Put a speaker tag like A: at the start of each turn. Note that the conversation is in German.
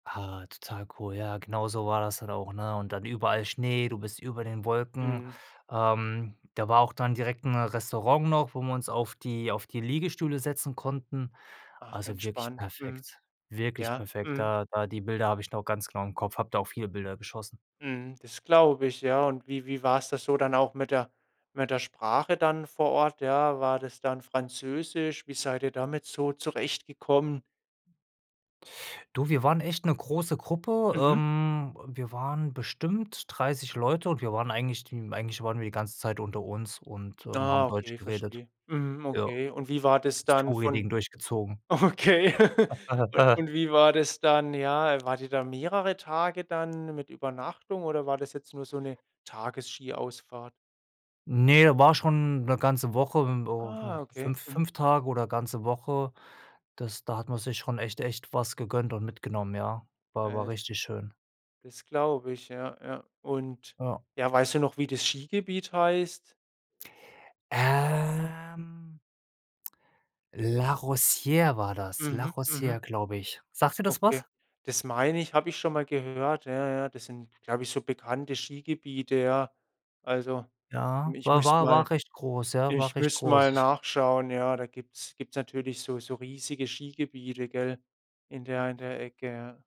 A: Ah, total cool. Ja, genauso war das dann auch, ne, und dann überall Schnee, du bist über den Wolken.
B: Mhm.
A: Ähm, da war auch dann direkt 'n Restaurant noch wo wir uns auf die auf die Liegestühle setzen konnten.
B: Ach
A: Also wirklich
B: entspannt. Mhm.
A: perfekt, wirklich
B: Ja,
A: perfekt.
B: mhm.
A: Da da die Bilder habe ich noch ganz klar im Kopf, habe da auch viele Bilder geschossen.
B: Mhm. Das glaube ich, ja, und wie wie war's das so dann auch mit der mit der Sprache dann vor Ort, ja? War das dann Französisch? Wie seid ihr damit so zurechtgekommen?
A: Du, wir waren echt 'ne große Gruppe.
B: Mhm.
A: Ähm, wir waren bestimmt 30 Leute und wir waren eigentlich die eigentlich waren wir die ganze Zeit unter uns und, ähm,
B: Ah,
A: haben Deutsch
B: okay,
A: geredet.
B: verstehe. Mhm,
A: Ja,
B: okay. Und wie war das
A: das
B: dann von
A: Touri-Ding durchgezogen.
B: okay. Un und wie war das dann ja, wart ihr da mehrere Tage dann mit Übernachtung oder war das jetzt nur so 'ne Tages-Skiausfahrt?
A: Ne, da war schon 'ne ganze Woche,
B: Ah,
A: [unintelligible]
B: okay.
A: 5-
B: Mhm.
A: 5 Tage oder ganze Woche, das da hat man sich schon echt echt was gegönnt und mitgenommen, ja. War aber
B: [unintelligible]
A: richtig schön.
B: Das glaube ich, ja, ja. Und,
A: Ja.
B: ja, weißt du noch, wie das Skigebiet heißt?
A: Ähm La Rosier war das. La
B: Mhm. Mhm.
A: Rosier, glaube ich. Sagt dir das
B: Okay.
A: was?
B: Das meine ich, habe ich schon mal gehört. Ja, ja, das sind, glaube ich, so bekannte Skigebiete, ja. Also,
A: Ja,
B: ich
A: war
B: müsst
A: war
B: mal
A: war recht groß, ja,
B: ich
A: war recht
B: müsste mal
A: groß. Ich
B: nachschauen. Ja, da gibt's gibt's natürlich so so riesige Skigebiete, gell, in der in der Ecke.